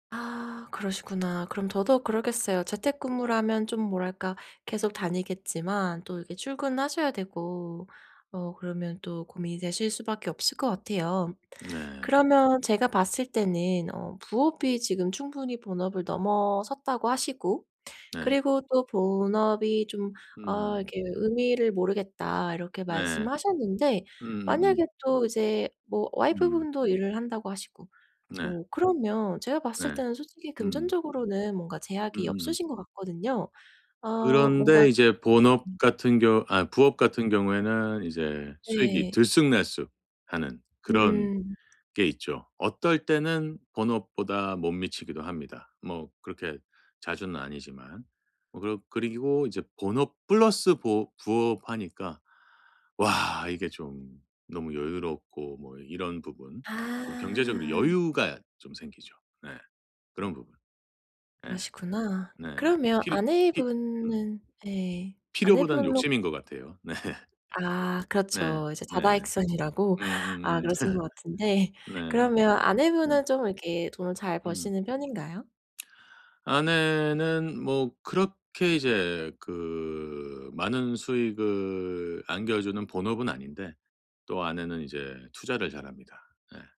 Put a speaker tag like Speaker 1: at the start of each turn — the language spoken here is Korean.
Speaker 1: 아 그러시구나. 그럼 더더욱 그러겠어요. 재택근무를 하면 좀 뭐랄까 계속 다니겠지만 또 이렇게 출근하셔야 되고 어 그러면 또 고민이 되실 수밖에 없을 것 같아요.
Speaker 2: 네.
Speaker 1: 그러면 제가 봤을 때는 어 부업이 지금 충분히 본업을 넘어섰다고 하시고,
Speaker 2: 네.
Speaker 1: 그리고 또 본업이 좀 어
Speaker 2: 음.
Speaker 1: 이렇게 '의미를 모르겠다.' 이렇게
Speaker 2: 네.
Speaker 1: 말씀하셨는데
Speaker 2: 음음음.
Speaker 1: 만약에 또 이제 뭐
Speaker 2: 음.
Speaker 1: 와이프분도 일을 한다고 하시고.
Speaker 2: 네.
Speaker 1: 뭐 그러면 제가 봤을
Speaker 2: 네.
Speaker 1: 때는 솔직히
Speaker 2: 음.
Speaker 1: 금전적으로는 뭔가 제약이
Speaker 2: 음음음.
Speaker 1: 없으신 거 같거든요. 어 뭔가
Speaker 2: 그런데 이제 본업같은 경우 아 부업같은 경우에는 이제 수익이
Speaker 1: 네.
Speaker 2: 들쑥날쑥하는 그런
Speaker 1: 음.
Speaker 2: 게 있죠. 어떨 때는 본업보다 못 미치기도 합니다. 뭐 그렇게 자주는 아니지만. 뭐 그러 그리고 이제 본업 플러스 보 부업 하니까 와 이게 좀 너무 여유롭고 뭐 이런 부분. 좀 경제적으로
Speaker 1: 아.
Speaker 2: 여유가 좀 생기죠. 네. 그런 부분. 예.
Speaker 1: 그러시구나.
Speaker 2: 네.
Speaker 1: 그러면
Speaker 2: 필히 히
Speaker 1: 아내분은 예
Speaker 2: 필요보다는
Speaker 1: 아내분은
Speaker 2: 욕심인 것 같아요. 네.
Speaker 1: 아
Speaker 2: 네.
Speaker 1: 그렇죠. 이제
Speaker 2: 네.
Speaker 1: 다다익선이라고. 아
Speaker 2: 음음음.
Speaker 1: 그러신 것 같은데.
Speaker 2: 네.
Speaker 1: 그러면
Speaker 2: 예.
Speaker 1: 아내분은 좀 이렇게 돈을 잘
Speaker 2: 음.
Speaker 1: 버시는 편인가요?
Speaker 2: 아내는 뭐 그렇게 이제 그 많은 수익을 안겨주는 본업은 아닌데 또 아내는 이제 투자를 잘 합니다. 예.